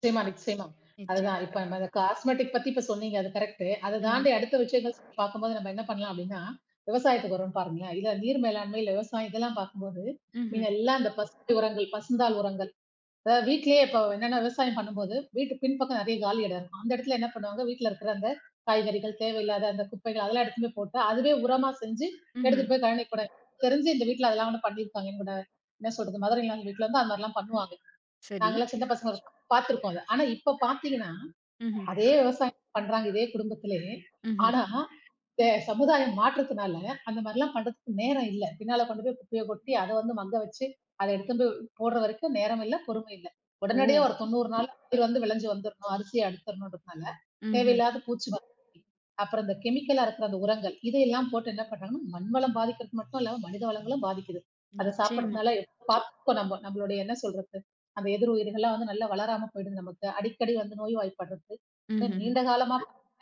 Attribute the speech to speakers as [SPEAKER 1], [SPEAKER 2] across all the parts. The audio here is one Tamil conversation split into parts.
[SPEAKER 1] நிச்சயமா, நிச்சயமா.
[SPEAKER 2] நிச்சயம்.
[SPEAKER 1] அதுதான். இப்ப அந்த காஸ்மெடிக் பத்தி இப்ப சொன்னீங்க. அது கரெக்ட்டு அதத்
[SPEAKER 2] ம்ஹ்ம்.
[SPEAKER 1] தாண்டி அடுத்த விஷயங்கள் பார்க்கும்போது நம்ம என்ன பண்ணலாம்? அப்பிடின்னா, விவசாயத்துக்கு வருவோம் பாருங்களே! இல்ல நீர் மேலாண்மை, இல்ல விவசாயம் இதெல்லாம் பார்க்கும்போது,
[SPEAKER 2] ம்ஹ்ம்.
[SPEAKER 1] மீதம் எல்லாம் அந்தப் ஃபர்ஸ்டு உரங்கள், பசுந்தாள் உரங்கள், இத வீட்லே இப்ப என்னன்னா விவசாயம் பண்ணும்போது, வீட்டு பின்பக்கம் நிறைய காலி இடம் இருக்கும். அந்த இடத்துல என்ன பண்ணுவாங்க, வீட்ல இருக்கிற அந்தக் காய்கறிகள், தேவை இல்லாத அந்தக் குப்பைகள் அதெல்லாம் எடுத்துட்டும் போய் போட்டு அதுவே உரமா செஞ்சு,
[SPEAKER 2] ம்ஹ்ம்.
[SPEAKER 1] எடுத்துட்டு போய் கழனிக்கு போட தெரிஞ்சு இந்த வீட்ல அதெல்லாகூடம் பண்ணியிருப்பாங்க என்கூட என்ன சொல்றது? மதர் இன் லா வீட்ல இருந்தா அந்தமாரிலாம் பண்ணுவாங்க.
[SPEAKER 2] சரி.
[SPEAKER 1] நாங்கள்லாம் சின்னப் பசங்க [unintelligible] பாத்திருக்கோம் அத. ஆனா, இப்ப பாத்தீங்கன்னா,
[SPEAKER 2] ம்ஹ்ம்.
[SPEAKER 1] அதே விவசாயம் பண்றாங்க. இதே குடும்பத்திலே.
[SPEAKER 2] ம்ஹ்ம்.
[SPEAKER 1] ஆனா, இந்த ச சமுதாயம் மாற்றத்துனால அந்தமாரி எல்லாம் பண்றதுக்கு நேரம் இல்ல. பின்னால கொண்டு போய் குப்பைய கொட்டி அத வந்து மங்க வச்சு, அத எடுத்துன்னு போய் போட்ற வரைக்கும் நேரம் இல்ல, பொறுமை இல்ல. உடனடியா
[SPEAKER 2] ஓ!
[SPEAKER 1] ஒரு தொண்ணூறு நாள் [unintelligible] வந்து விளைஞ்சு வந்துர்ணும். அரிசி அறுத்துறணுன்டு இருப்பாங்க. தேவை
[SPEAKER 2] ம்ஹ்ம்.
[SPEAKER 1] இல்லாத பூச்சி மருந்து, அப்புறம் அந்தக் கெமிக்கலா இருக்கிற அந்த உரங்கள். இதை எல்லாம் போட்டு என்ன பண்றாங்கன்னா, மண் வளம் பாதிக்கிறது மட்டுமில்லாம மனித வளங்களும் பாதிக்குது. அதச்
[SPEAKER 2] நிச்சயமா.
[SPEAKER 1] சாப்பிடுறதுனால பாத்துப்போம் நம்ம நம்மளோடய என்ன சொல்றது? அந்த எதிர் உயிர்கள் எல்லாம் வந்து நல்லா வளராம போயிடும் நமக்கு, அடிக்கடி வந்து நோய்வாய்ப்படுறது.
[SPEAKER 2] மஹ்ஹ்ம்.
[SPEAKER 1] நீண்ட காலமா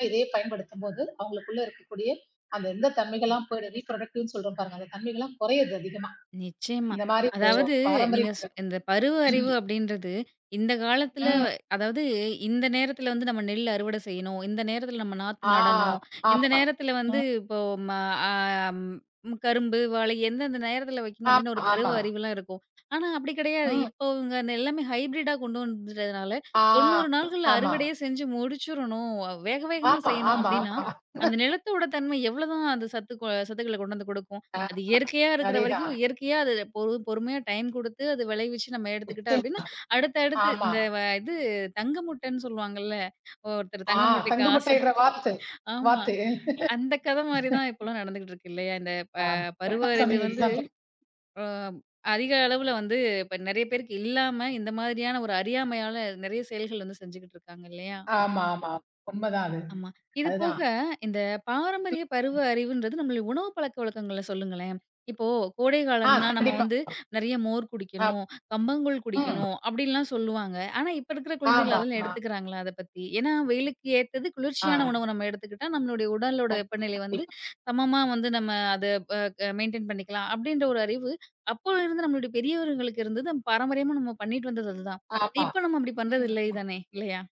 [SPEAKER 1] இதையே பயன்படுத்தும்போது அவுங்களுக்குள்ள இருக்கக்கூடிய அந்த இந்தத் தன்மைகள் எல்லாம் போயிடும் ரீபுரொடெக்டிவ் சொல்றோம் பாருங்க, அந்தத் தன்மைகள் எல்லாம் குறைது அதிகமா.
[SPEAKER 2] நிச்சயமா,
[SPEAKER 1] இந்தமாரி இப்ப
[SPEAKER 2] அதாவது
[SPEAKER 1] பாரம்பரிய
[SPEAKER 2] நீங்க சொ அந்த பருவ
[SPEAKER 1] ம்.
[SPEAKER 2] அறிவு அப்பிடின்றது, இந்தக் காலத்தல
[SPEAKER 1] ம்.
[SPEAKER 2] அதாவது இந்த நேரத்துல வந்து நம்ம நெல் அறுவட செய்யணும். இந்த நேரத்துல நம்ம நாத்து
[SPEAKER 1] ஆ,
[SPEAKER 2] நடணும். இந்த
[SPEAKER 1] ஆமாமா.
[SPEAKER 2] நேரத்துல வந்து,
[SPEAKER 1] ம்.
[SPEAKER 2] இப்ப ஓ ஆ மா ஆ ம். கரும்பு, வாழை எந்தெந்த நேரத்துல வைக்கணும்
[SPEAKER 1] ஆமா,
[SPEAKER 2] அப்பிடின்னு ஒரு பருவ
[SPEAKER 1] ஆமா.
[SPEAKER 2] அறிவு எல்லாம் இருக்கும். ஆனா அப்பிடி கிடையாது.
[SPEAKER 1] ம்.
[SPEAKER 2] இப்பவுங்க எல்லாமே ஹைபிரிட்டா கொண்டு வந்துட்டதுனால,
[SPEAKER 1] ஆ,
[SPEAKER 2] 90 நாள்கள்ல
[SPEAKER 1] ஆமா.
[SPEAKER 2] அறுவடையே செஞ்சு முடிச்சுரனும். அ வேக வேகமா
[SPEAKER 1] ஆமா.
[SPEAKER 2] செய்யணும்,
[SPEAKER 1] ஆமா,
[SPEAKER 2] அப்பிடின்னா
[SPEAKER 1] ஆமா.
[SPEAKER 2] அந்த நிலத்தோட தன்மை எவ்ளோ தான் அந்தச் சத்து சத்துக்கள கொண்டு வந்து கொடுக்கும்.
[SPEAKER 1] ஆ,
[SPEAKER 2] அது இயற்கையா இருக்குற வரைக்கும்
[SPEAKER 1] சரிதான்.
[SPEAKER 2] இயற்கையா அது பொறு பொறுமையா டைம் கொடுத்து அது விளைவிச்சு நம்ம எடுத்துக்கிட்டா
[SPEAKER 1] நிச்சயமா,
[SPEAKER 2] அப்பிடின்னா, அடுத்தடுத்து.
[SPEAKER 1] ஆமா.
[SPEAKER 2] இந்த வ இது தங்கமுட்டன்னு சொல்லுவாங்கல்ல. ஒருத்தர்
[SPEAKER 1] ஆ,
[SPEAKER 2] தங்க முட்டைக்கு
[SPEAKER 1] தங்க
[SPEAKER 2] ஆசை,
[SPEAKER 1] முட்ட இட்ற வாத்து
[SPEAKER 2] ஆமா.
[SPEAKER 1] வாத்து
[SPEAKER 2] அந்தக் கதை மாதிரி தான் இப்பபலாம் நடந்துட்டு இருக்கு இல்லயா! இந்தப் ப
[SPEAKER 1] ஆம்
[SPEAKER 2] பருவ அறிவு வந்து ஆ
[SPEAKER 1] [unintelligible]
[SPEAKER 2] அதிக அளவுல வந்து இப்ப நிறைய பேருக்கு இல்லாம, இந்த மாரியான ஒரு அறியாமையால நிறைய செயல்கள செஞ்சுட்டு இருக்காங்க இல்லயா!
[SPEAKER 1] ஆமா, ஆமா. உண்ம தான் அது.
[SPEAKER 2] ஆமா. இதுபோக
[SPEAKER 1] அதுதான்.
[SPEAKER 2] இந்தப் பாரம்பரிய பருவ அறிவுன்றது நம்ம உணவு பழக்க வழக்கங்கள சொல்லுங்களேன்! இப்போ கோடை
[SPEAKER 1] ஆ,
[SPEAKER 2] காலம்னா நம்ம
[SPEAKER 1] கண்டிப்பா.
[SPEAKER 2] வந்து நிறைய மோர்
[SPEAKER 1] ஆப்
[SPEAKER 2] குடிக்கணும், கம்பங்கூழ்
[SPEAKER 1] ம்.
[SPEAKER 2] குடிக்கணும் அப்பிடின்லாம் சொல்லுவாங்க. ஆனா, இப்ப இருக்குற குழந்தைகள்
[SPEAKER 1] ஆமா,
[SPEAKER 2] அதெல்லாம்
[SPEAKER 1] ஆமா.
[SPEAKER 2] எடுத்துக்கிறங்களா? அதப் பத்தி. ஏன்னா, வெயிலுக்கு ஏற்றது குளிர்ச்சியான
[SPEAKER 1] ஆ.
[SPEAKER 2] உணவ நம்ம எடுத்துக்கிட்டா நம்மளுடைய உடலோட
[SPEAKER 1] கண்
[SPEAKER 2] வெப்பநிலை வந்து
[SPEAKER 1] -டிப்.
[SPEAKER 2] சமமா வந்து நம்ம அத ப க மெயின்டன் பண்ணிக்கலாம் அப்பிடின்ற ஒரு அறிவு அப்போதுல இருந்த நம்மளுடைய பெரியவர்களுக்கு இருந்தது. பாரம்பரியமா நாம பண்ணிட்டு வந்தது அதுதான்.
[SPEAKER 1] ஆமா.
[SPEAKER 2] இப்ப நாம அப்பிடி
[SPEAKER 1] ம்
[SPEAKER 2] பண்றது இல்லை
[SPEAKER 1] [unintelligible]
[SPEAKER 2] தானே! இல்லயா!